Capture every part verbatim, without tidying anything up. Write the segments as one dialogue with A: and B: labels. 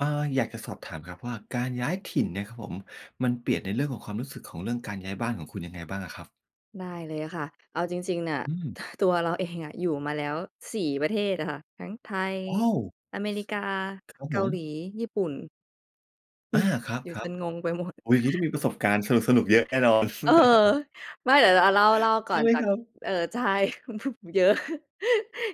A: อ่า อยากจะสอบถามครับว่า การย้ายถิ่นเนี่ยครับผม มันเปลี่ยนในเรื่องของความรู้สึกของเรื่องการย้ายบ้านของคุณยังไงบ้างอะครับ?
B: ได้เลยค่ะ เอาจริง ๆ น่ะ
A: อืม
B: ตัวเราเองอะอยู่มาแล้ว สี่ ประเทศอะค่ะ ทั้งไทย
A: โอ้!
B: อเมริกา
A: ส ครับ
B: เก
A: ผ
B: าห
A: ม
B: ลี ญี่ปุ่น อื
A: อา
B: ม
A: คร
B: อยู่จ
A: ับ
B: นงงไปหมด
A: ๆ อุ๊ย อย่างงี้ต้องมีประสบการณ์สนุก ๆ เยอะแน่นอน
B: เออ ไม่เดี๋ยวเรา อะ เล่า เล่าก่
A: ใ
B: อ
A: ช่
B: น
A: ไหม
B: จา
A: ค
B: ก
A: รับ?
B: เออ ใช่ เยอะ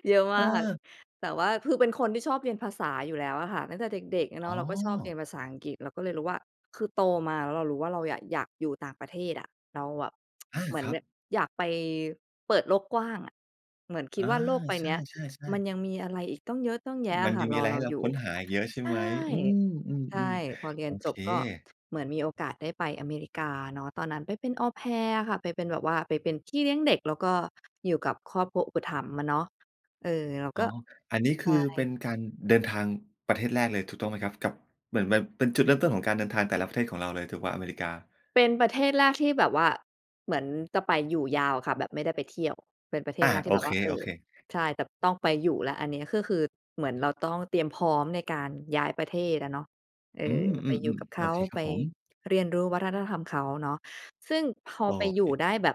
B: เยอะมาก
A: เออ
B: แต่ว่าคือเป็นคนที่ชอบเรียนภาษาอยู่แล้วอะค่ะ ตั้งแต่เด็ก ๆ อะเนา
A: อ๋
B: ะ เ
A: อ
B: ราก็ชอบเรียนภาษาอังกฤษ เราก็เลยรู้ว่า คือโตมาแล้วเรารู้ว่าเราอยาก อยากอยู่ต่างประเทศอะ เราอะ
A: อา
B: เหมือ
A: ค
B: น
A: รั
B: แบ
A: บ
B: บอยากไปเปิดโลกกว้างอะ เหมือนคิ
A: อ
B: ด
A: า
B: ว่าโลกใบ
A: ใช
B: เนี้ย
A: ่
B: มั
A: ๆ ๆ
B: นยังมีอะไรอีกตั้งเยอะตั้งแยะ
A: ม
B: อ
A: ัน
B: ะค่
A: ยั
B: ะ
A: งม
B: ร
A: ีอ
B: อ
A: ะไร
B: เร
A: ใ
B: า
A: ห้เรา
B: อยู่
A: ค้นหาอีกเยอะใช
B: ใ
A: ่
B: ช่
A: ไหม? อื
B: ใช่
A: ม ๆ
B: พอเร
A: ๆ
B: ี
A: โ
B: ย
A: อ
B: นจ
A: เค
B: บก็เหมือนมีโอกาสได้ไปอเมริกาเนาะ ตอนนั้นไปเป็น Au Pair อะค่ะ ไปเป็นแบบว่าเป็นพี่เลี้ยงเด็ก แล้วก็อยู่กับครอบครัวอุปถัมภ์อะเนาะ เออ เรา
A: อ
B: ก
A: ๋อ
B: ็
A: อันนี้
B: ใ
A: ค
B: ช
A: ือเป็
B: ่
A: นการเดินทางประเทศแรกเลยถูกต้องไหมครับ? กับ เหมือนแบบเป็นจุดเริ่มต้นของการเดินทางแต่ละประเทศของเราเลยถูกเปล่า อเมริกา?
B: เป็นประเทศแรกที่แบบว่าเหมือนจะไปอยู่ยาวค่ะ แบบไม่ได้ไปเที่ยว เป็นประเท
A: อ
B: ศแ
A: า
B: รกท
A: โ
B: ี่
A: อ
B: แบบ
A: เค
B: ว่า เออ
A: ๆ
B: ใช่ แต่ต้องไปแล้วอันนี้ ก็คือเหมือนเราต้องเตรียมพร้อมในการย้ายประเทศอะเนาะ เออ
A: อื
B: ไปอยู่
A: ม
B: กั
A: ๆ
B: บเข
A: ๆ โอ
B: า
A: เคคร
B: ไป
A: ับผม
B: เรียนรู้วัฒนธรรมเขาเนาะ ซึ่งพอ
A: โอ
B: ไปอยู่
A: เค
B: ได้แบบ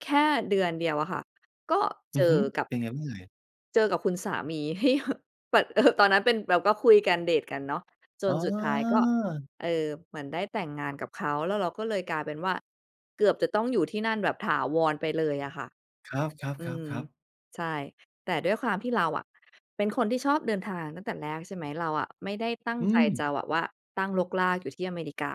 B: แค่เดือนเดียวอะค่ะ ก็เ
A: อ
B: จ
A: ื
B: อ
A: อฮึ
B: กับ
A: เป็นยังไงบ้างเอ่ย?
B: เจอกับคุณสามี ที่แบบ ปะ เออ ตอนนั้นเป็น เราก็คุยกัน เดตกันเนาะ จ
A: อ๋
B: น
A: อ
B: สุดท้ายก็ เออ เหมือนได้แต่งงานกับเขา แล้วเราก็เลยกลายเป็นว่า เกือบจะต้องอยู่ที่นั่นแบบถาวรไปเลยอะค่ะ
A: ครับ
B: อืม
A: ๆ ๆ ๆ
B: ใช่ แต่ด้วยความที่เราอะเป็นคนที่ชอบเดินทางตั้งแต่แรก ใช่ไหม เราอะไม่ได้ตั้ง
A: อื
B: ใจ
A: ม
B: จะแบบว่าตั้งรกรากอยู่ที่อเมริกา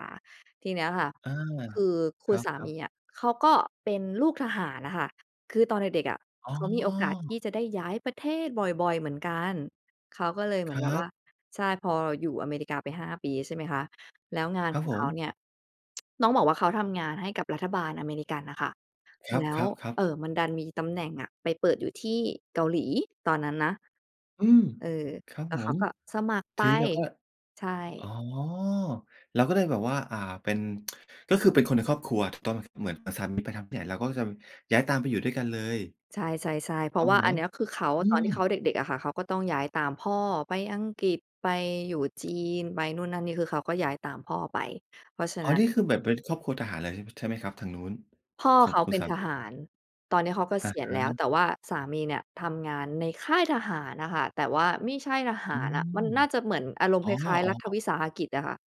B: ทีเนี้ยค่ะ
A: อา
B: คือค
A: ค
B: ุ
A: ร
B: ณ
A: ั
B: สาม
A: บ
B: ี
A: ๆ
B: อะเขาก็เป็นลูกทหารอะค่ะ คือตอนเด็ก ๆ อะ
A: อ๋
B: เขามีโอกาสที
A: อ
B: ่จะได้ย้ายประเทศบ่อย ๆ เหมือนกัน เขาก็เลยเหม
A: ค
B: ือ
A: ร
B: นแบบ
A: ั
B: ว่
A: บ
B: า ใช่ พออยู่อเมริกาไป ห้า ปี ใช่ไหมคะ แล้วงาน
A: คร
B: ข
A: ับ
B: อง
A: ผ
B: เขา
A: ม
B: เนี่ย ต้องบอกว่าเขาทำงานให้กับรัฐบาลอเมริกันน่ะค่ะ
A: ค
B: แล้ว
A: รับ ๆ
B: เ
A: ๆ
B: ออ มันดันมีตำแหน่งอะไปเปิดอยู่ที่เกาหลี ตอนนั้นนะ
A: อืม
B: เออ
A: ครับ
B: แล้ว
A: ผ
B: เขา
A: ม
B: ก็สมัครไ
A: ท
B: ป
A: ีนี้เราก็
B: ใช่
A: อ๋อ เราก็เลยแบบว่า อ่า เป็น ก็คือเป็นคนในครอบครัว ถูกต้องไหม เหมือนสามีไปทำที่ไหนเราก็จะย้ายตามไปอยู่ด้วยกันเลย
B: ใช่ ๆ ๆ เพรา
A: ต้
B: ะ
A: อ
B: ว
A: ง
B: ่า
A: ไหม?
B: อันเนี้ยคือเขา
A: อื
B: ตอนที่เขา
A: ม
B: เด็ก ๆ อะค่ะ เขาก็ต้องย้ายตามพ่อไปอังกฤษ ไปอยู่จีน ไปนู่นนั่นนี่ คือเขาก็ย้ายตามพ่อไป เพราะฉะ
A: อ๋อ
B: นั้น
A: นี่คือแบบเป็นครอบครัวทหารเลย ช ใช่ไหมครับ ทางนู้น
B: พ่อ
A: ขอ
B: เ
A: ง
B: ขา
A: คุ
B: เ
A: ณ
B: ป็
A: ส
B: น
A: า
B: ท
A: ม
B: ห
A: ี?
B: าร ตอนเนี้ยเขาเก
A: อ
B: ษ
A: ะ
B: ีย
A: ฮ
B: ณแล้ว
A: ะ
B: แต่ว่าสามีเนี่ยทำงานในค่ายทหารอะค่ะ แต่ว่าไม่ใช่ทห
A: อื
B: ารอะ มัน
A: ม
B: น่าจะเหมือนอารม
A: อ
B: ณ์
A: ๋อ
B: คล้าย ๆ รัฐ
A: ๆ
B: วิสาหกิจอะค่ะ